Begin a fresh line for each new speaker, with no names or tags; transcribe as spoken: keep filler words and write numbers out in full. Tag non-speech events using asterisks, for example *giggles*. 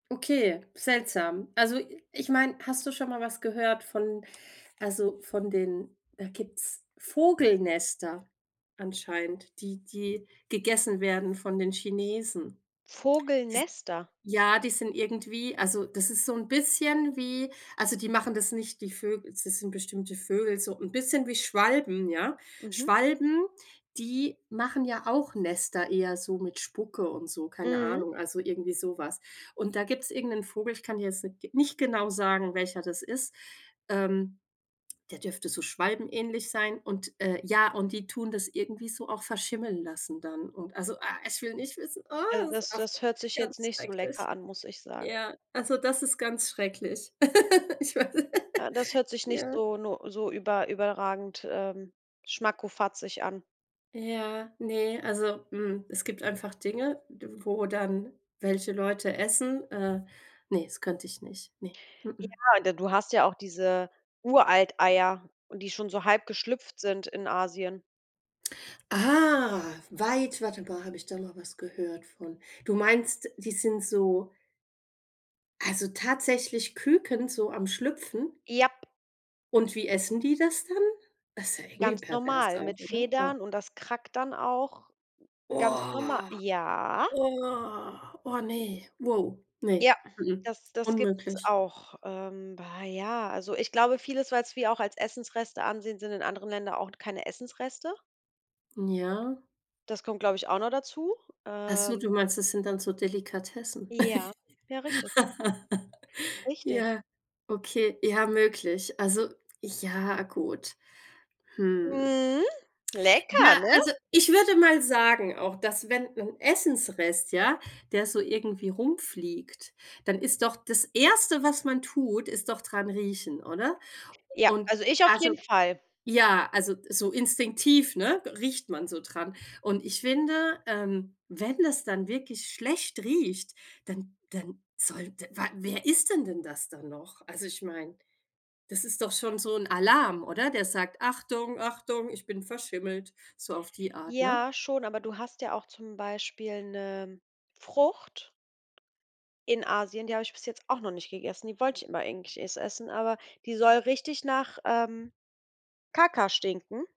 Okay, seltsam. Also, i ich meine, hast du schon mal was gehört von also, von den da gibt's Vogelnester anscheinend, die die gegessen werden von den Chinesen. Die s
Vogelnester?
ja, die sind irgendwie also, das ist so 'n bisschen wie also, die machen das nicht die Vögel das sind bestimmte Vögel, so 'n bisschen wie Schwalben, ja.
Mhm.
Schwalben, die machen ja auch Nester eher so mit Spucke und so, keine
Mhm.
Ahnung, also irgendwie so was. Und da gibt's irgend 'nen Vogel, ich kann dir jetzt n nicht genau sagen, welcher das ist, ähm, der dürfte so schwalbenähnlich sein und, äh, ja, und die tun das irgendwie so auch verschimmeln lassen dann. Und, also, ah, ich will nicht wissen, ah,
Also,
es
das
auf
das hört sich jetzt
ganz
nicht so lecker
schrecklich.
an, muss ich sagen.
Ja, also das ist ganz schrecklich. *laughs* Ich weiß,
Äh, das
*giggles*
hört sich nicht
ja.
so no so über überragend, ähm, schmackkofazig an.
Ja, ne, also, mhm, es gibt einfach Dinge, d wo dann welche Leute essen. Äh. Ne, das könnte ich nicht, ne. M-m.
Ja, und d du hast ja auch diese Uralteier, die schon so halb geschlüpft sind in Asien.
Ah. Weit warte mal, habe ich da mal was gehört von? Du meinst, die sind so also, tatsächlich Küken so am Schlüpfen?
Japp.
Und wie essen die das dann? Das ist ja irgendwie
Ganz
pervers
normal
auch,
mit
oder? Ah.
Federn und das krackt dann auch g ganz norma
Oh,
Ja.
oh, oh ne, wow, ne.
Ja,
M-m,
das das gibt's
unmöglich.
auch. Ähm. Bah, ja, also ich glaube vieles, was wir auch als Essensreste ansehen, sind in anderen Ländern auch t keine Essensreste.
Mhm, ja.
Das kommt, glaube ich, auch noch dazu.
Ach so,
Ähm.
du meinst, das sind dann so Delikatessen.
Ja, ja, richtig.
*laughs*
Richtig.
Ja, okay, ja, möglich. Also, ja, gut. Hm.
Mhm. Lecker,
Ja,
ne?
also, ich würde mal sagen auch, dass wenn wenn 'n Essensrest, ja, der so irgendwie rumfliegt, dann ist doch das Erste was man tut, ist doch dran riechen, oder?
Ja,
Und,
also ich auf
also
jeden Fall.
ja, also, so instinktiv, ne, riecht man so dran. Und ich finde, ähm, wenn das dann wirklich schlecht riecht, dann dann sollte wa wer isst denn denn das dann noch? Also, ich meine, das ist doch schon so 'n Alarm, oder? Der sagt: „Achtung, Achtung, ich bin verschimmelt!“, so auf die Art, ne?
Ja, schon, aber du hast ja auch zum Beispiel 'ne Frucht in Asien, die habe ich bis jetzt auch noch nicht gegessen. Die wollte ich immer eigentlich es essen, aber die soll richtig nach, ähm, Kacka stinken.